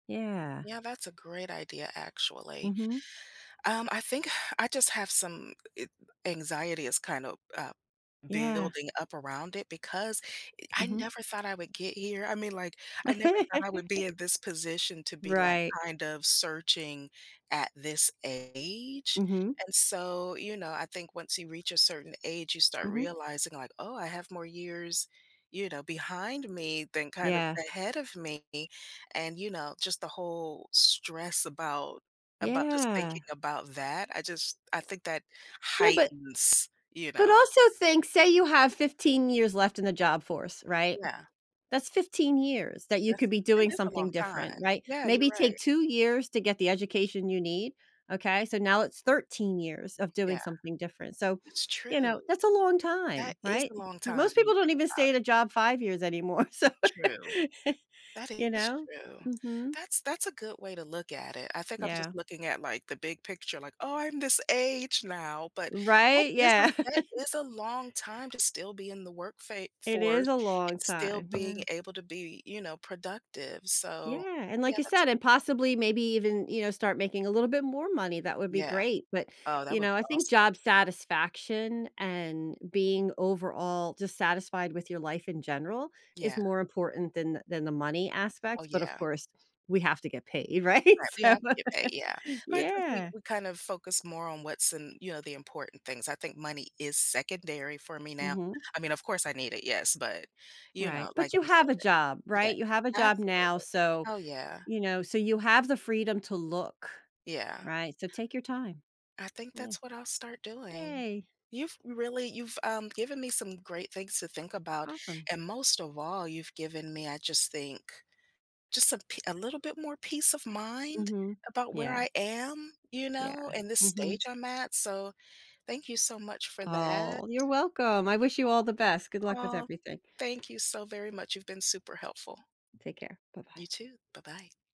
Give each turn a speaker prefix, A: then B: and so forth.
A: Yeah.
B: Yeah, that's a great idea, actually.
A: Mhm.
B: Um, I think I just have some g it anxiety is kinda, uh,
A: Yeah.
B: building up around it because e I
A: Mhm.
B: never thought I would get here, I mean, like, I never thought I would be in this position to be, like,
A: Right.
B: kind of searching at this age,
A: Mhm.
B: and so, you know, I think once you reach a certain age, you start
A: Mhm.
B: realizing like, "Oh, I have more years, you know, behind me than kind of
A: Yeah.
B: ahead of me," and, you know, just the whole stress about about just
A: Yeah!
B: thinking about that, I just, I think that
A: Yeah, but
B: heightens, you
A: but
B: know.
A: also think say you have 15 years left in the job force, right?
B: Yeah.
A: That's 15 years, that you could
B: That's
A: be
B: that
A: doing
B: is a
A: something
B: long
A: different,
B: time.
A: right?
B: Yeah, you're
A: Maybe
B: right.
A: take 2 years to get the education you need, okay, so now it's 13 years of doing
B: Yeah.
A: something different, so,
B: That's
A: you
B: true.
A: know, that's a long time,
B: That is
A: right?
B: a long time
A: Most
B: when
A: people
B: you
A: don't
B: think
A: even stay
B: about
A: at a
B: it.
A: job 5 years anymore, so,
B: True. That
A: you
B: is
A: know?
B: true.
A: Mhm.
B: That's that's a good way to look at it, I think I'm just
A: Yeah.
B: looking at, like, the big picture, like, "Oh, I'm this age now," but, that
A: Right?
B: is
A: Yeah.
B: a that is a long time to still be in the work fa
A: It is
B: force
A: a long
B: and still
A: time,
B: being
A: yeah.
B: able to be y you know, productive, so,
A: Yeah, and
B: yeah,
A: like I
B: that's a
A: said, and
B: good point.
A: possibly, maybe even, you know, start making a little bit more money, that would be
B: Yeah,
A: great but,
B: oh, that
A: you
B: would
A: know,
B: be
A: I think
B: awesome.
A: job satisfaction and being overall dissatisfied with your life in general is
B: Yeah.
A: more important than than the money
B: Oh,
A: aspect, but, of
B: yeah.
A: course, we have to get paid, right?
B: Right, we
A: So,
B: have to get paid, yeah, but I think we
A: yeah.
B: we kind of focus more on what's in, you know, the important things, I think money is secondary for me now.
A: Mhm.
B: I mean, of course, I need it, yes, but, you
A: Right,
B: know, like
A: but you
B: you said
A: have a job,
B: yeah,
A: right? You have a job
B: absolutely.
A: now, so,
B: Oh yeah.
A: you know, so you have the freedom to look,
B: Yeah.
A: right, so, take your time.
B: I think
A: Yeah.
B: that's what I'll start doing.
A: Yay!
B: You've really you've, um, given me some great things to think about,
A: Awesome.
B: and most of all, you've given me, I just think, just a p a little bit more peace of mind
A: Mhm.
B: about where
A: Yeah.
B: I am, you know,
A: Yeah.
B: in this stage
A: Mhm.
B: I'm at, so, thank you so much for that.
A: Aw, you're welcome, I wish you all the best, good luck with
B: Aw aw,
A: everything.
B: thank you so very much, you've been super helpful.
A: Take care.
B: You
A: Bye-bye.
B: too. Bye-bye.